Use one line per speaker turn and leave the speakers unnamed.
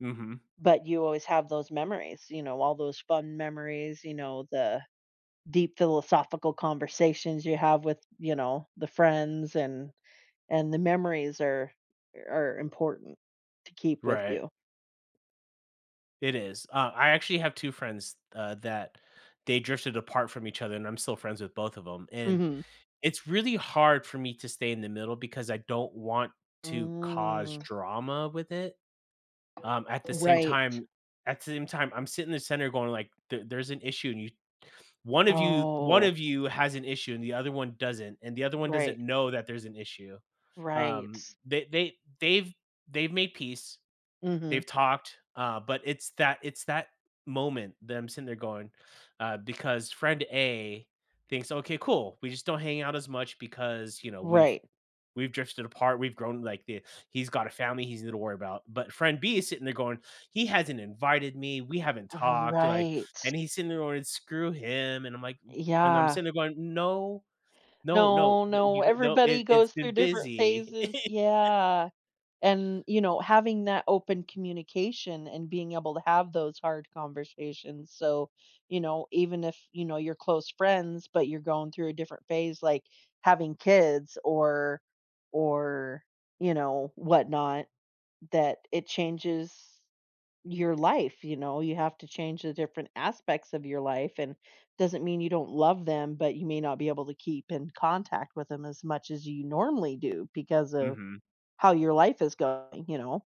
Mhm.
But you always have those memories, you know? All those fun memories, you know, the deep philosophical conversations you have with you know, the friends and and the memories are are important to keep with
Right.
you.
It is, uh, I actually have 2 friends, uh, that they drifted apart from each other and I'm still friends with both of 'em, and
Mhm.
it's really hard for me to stay in the middle because I don't want to cause
Mm.
drama with it? Um, at the same
Right.
time at the same time, I'm sitting in the center going like, there there's an issue and you one of you one
Oh.
of you has an issue and the other one doesn't, and the other one
Right.
doesn't know that there's an issue, um,
Right.
they they they've they've made peace. They've
Mhm.
talked, uh, but it's that it's that moment, them sitting there going uh, because friend A thinks, "Okay, cool, we just don't hang out as much because," you know, "we've
Right.
we've drifted apart, we've grown, like, the he's got a family he's gonna worry about." But, friend B is sitting there going, "He hasn't invited me, we haven't talked," like,
Right.
and he's sitting there going, "Screw him." And I'm like and I'm
Yeah.
sitting there going, "No. No, no,
No,
the
no,
you h no, it
everybody
It's
goes
been
through different
busy."
phases yeah, and, you know, having that open communication and being able to have those hard conversations so you know, even if, you know, you're close friends, but you're going through a different phase, like, having kids or or, you know, whatnot, that it changes your life, you know? You have to change the different aspects of your life and doesn't mean you don't love them, but you may not be able to keep in contact with them as much as you normally do because of
Mhm.
how your life is going, you know?